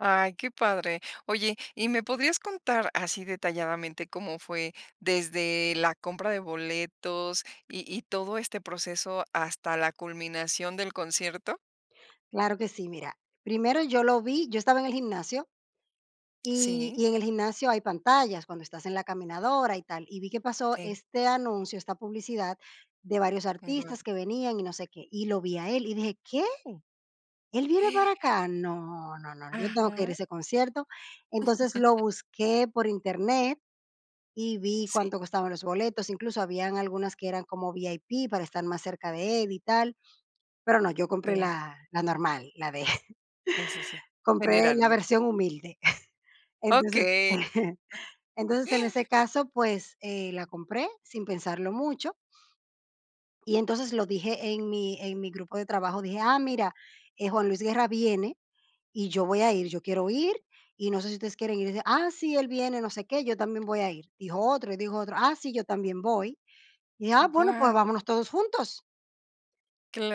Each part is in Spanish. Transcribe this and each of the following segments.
¡Ay, qué padre! Oye, ¿y me podrías contar así detalladamente cómo fue desde la compra de boletos y y todo este proceso hasta la culminación del concierto? Claro que sí. Mira, primero yo lo vi, yo estaba en el gimnasio. Y Sí. y en el gimnasio hay pantallas cuando estás en la caminadora y tal. Y vi que pasó Sí. este anuncio, esta publicidad de varios Guau. artistas que venían y no sé qué, y lo vi a él y dije: "¿Qué? ¿Él viene para acá? No, no, no, yo tengo que ir a Ajá. ese concierto". Entonces lo busqué por Internet y vi Sí. cuánto costaban los boletos. Incluso habían algunas que eran como VIP para estar más cerca de él y tal. Pero no, yo compré Claro. la la normal, la de Sí, sí, sí. compré General, la ¿no? versión humilde. Entonces Okey. Entonces, en ese caso, pues, eh, la compré sin pensarlo mucho. Y entonces lo dije en mi en mi grupo de trabajo, dije: "Ah, mira, eh, Juan Luis Guerra viene, y yo voy a ir, yo quiero ir y no sé si ustedes quieren ir". Dice: "Ah, sí, él viene, no sé qué, yo también voy a ir", dijo otro. Y dijo otro: "Ah, sí, yo también voy". Dije: "Ah, bueno, Guau. pues, vámonos todos juntos".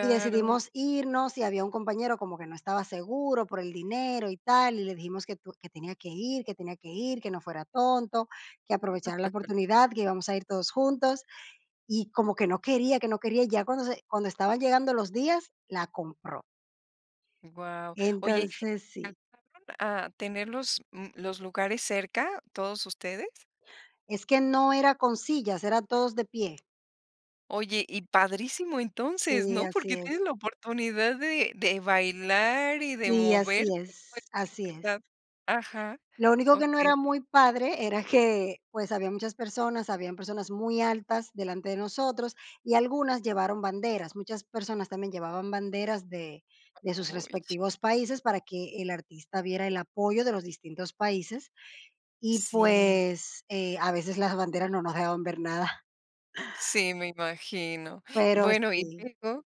Y decidimos irnos. Y había un compañero como que no estaba seguro, por el dinero y tal, y le dijimos que tu Que tenía que ir, que tenía que ir, que no fuera tonto, que aprovechara la oportunidad, que íbamos a ir todos juntos. Y como que no quería que no quería. Y ya cuando se cuando estaban llegando los días, la compró. Guau. Oye, Entonces, sí. ¿alcanzaron a tener los, mm, los lugares cerca, todos ustedes? Es que no era con sillas, era todos de pie. Oye, y padrísimo entonces, Sí, ¿no? así Porque tienes es. la oportunidad de de bailar y de Sí, moverte así con es, esa así es. libertad Ajá, Lo único que no okey. era muy padre era que, pues, habían muchas personas. Habían personas muy altas delante de nosotros. Y algunas llevaron banderas, muchas personas también llevaban banderas de de sus Ay. respectivos países para que el artista viera el apoyo de los distintos países y, Sí. pues, eh, a veces las banderas no nos dejaban ver nada. Sí, me imagino. Pero Bueno, ¿y sí. luego?